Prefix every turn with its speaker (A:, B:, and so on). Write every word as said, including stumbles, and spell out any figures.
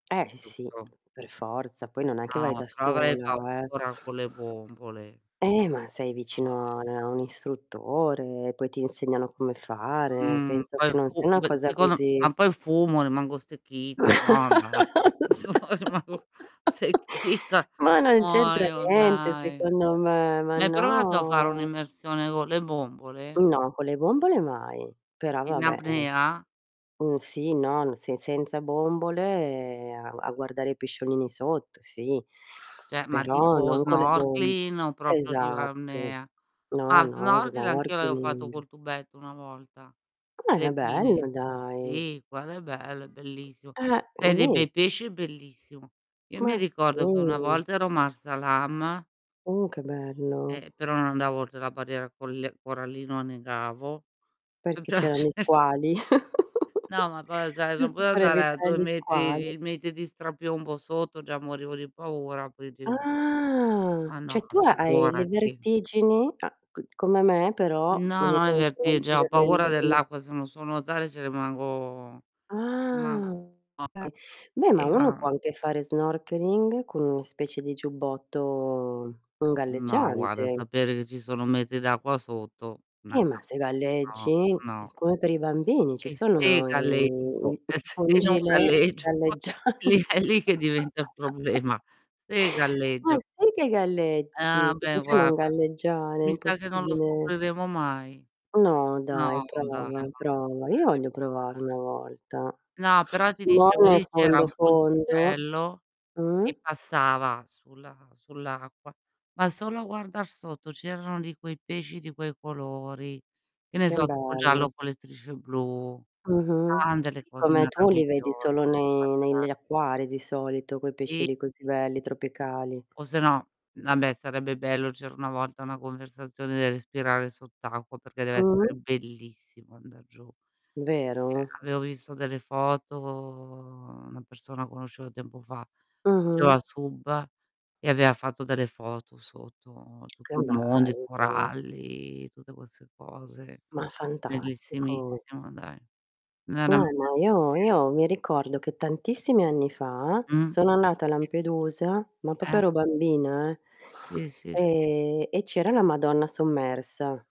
A: Eh! Eh, sì.
B: Giusto.
A: Per forza, poi non è che vai
B: No,
A: da
B: però avrei
A: sola, eh.
B: paura con le bombole.
A: Eh, ma sei vicino a nea
B: [unintelligible]
A: a un istruttore, poi ti insegnano come fare.
B: Mhmm,
A: Penso
B: poi
A: che non
B: fu
A: sia una
B: beh,
A: cosa
B: dicono
A: così
B: ma poi fumo, rimango stecchita. No dai.
A: no se
B: remago secchita
A: ma non c'entra
B: muoio,
A: niente,
B: dai.
A: secondo me, ma
B: Ma hai provato a fare
A: no!
B: un'immersione go le bombole?
A: No, con le bombole mai. Però,
B: In
A: vabbè, è
B: apnea?
A: mhmm, sì non se senza bombole, a ua a guardare i pesciolini sotto, sì.
B: ceh, ma
A: Però,
B: tipo
A: non con le bom
B: snorkeling o propio di
A: esatto.
B: arnea?
A: No,
B: Ah,
A: no,
B: snorchil anch'io avevo fatto
A: snorkeling.
B: col tubetto una volta.
A: Com'è? È
B: Le pine.
A: bello, dai!
B: Sì, quelo belo, è bellissimo.
A: Eh,
B: Se hai dei bei
A: beniss
B: pesci è bellissimo. Io mi
A: Ma,
B: ricordo che una
A: sì!
B: volta ero Marsa Alam
A: Uh, che bello.
B: eh, però non andavo oltre la barriera colle corallina o annegavo,
A: Perché c' erano i
B: [unintelligible]
A: squali.
B: No, ma poi, o sai, son
A: Giusto
B: potuta
A: per
B: andare a
A: evitare
B: due
A: gli
B: metri
A: squali.
B: di metri di strapiombo sotto, già morivo di paura, puindi no.
A: Ah!
B: Ah, no,
A: ceh,
B: ma
A: tu ha hai le
B: figurati.
A: vertigini a c come me, però o
B: No,
A: nei
B: non è vertigge
A: confronti
B: ho
A: delle n
B: paura
A: delle mu
B: dell'acqua, se non so nuotare ce rimango
A: Ah!
B: rimango morta.
A: [unintelligible] beh, ma uno può
B: [unintelligible]
A: anche fare snorkeling con una specie di giubbotto un
B: No, guarda,
A: galleggiante.
B: sapere che ci sono metri d'acqua sotto, na
A: Eh, ma se
B: o no,
A: galleggi, è
B: no.
A: come per i bambini, ci
B: E se
A: sono i
B: galleggio,
A: di
B: e tse
A: tipo
B: e
A: un
B: non
A: gilet
B: galleggio? Lì
A: galleggiante
B: è lì che diventa i problema, se
A: Ma
B: galleggio.
A: sì che
B: Eh,
A: galleggi! Come
B: abbè,
A: fai a non
B: guarda,
A: galleggiare? È
B: mi sa che non lo
A: impossibile.
B: scopriremo mai.
A: No, dai,
B: No, dai,
A: prova
B: non lo
A: prova. Io voglio
B: scopriremo
A: provare
B: mai.
A: una volta.
B: No, però ti
A: Non
B: dicevo:
A: nel
B: lì c'era
A: fondo,
B: un
A: fondo.
B: ponticello
A: Mh?
B: che passava sulla sulla acqua, ma solo a guardar sotto c'erano di quei pesci di quei colori, che ne
A: Chem
B: so, tipo giallo
A: bello.
B: con le strisce blu.
A: Mh-mh.
B: Tante le
A: Sì,
B: cose
A: come tu li vedi
B: meravigliose
A: solo nei nel
B: guardare.
A: gli acquari di solito, quei pesci
B: I
A: lì così belli,
B: [unintelligible]
A: tropicali.
B: o se no, n abbè, sarebbe bello c'era una volta una conversazione del respirare sott'acqua, perché deve essere
A: Mh-mh.
B: bellissimo andar giù. Ceh,
A: Vero?
B: avevo visso delle foto una persona conoscevo tempo fa,
A: Mh-mh.
B: faceva sub e avea fatto delle foto sotto,
A: Che
B: tutto il mondo, i
A: bello.
B: coralli, tutte quesse cose.
A: Ma fantastico.
B: Bellissimissimo, dai,
A: No,
B: veramente
A: ma io
B: stupendo.
A: io mi ricordo che tantissimi anni fa,
B: Mh.
A: sono annata a Lampedusa, ma popo
B: Eh.
A: ero bambina,
B: Sì, sì, sì.
A: eh, ehm, e c'era la Madonna sommersa.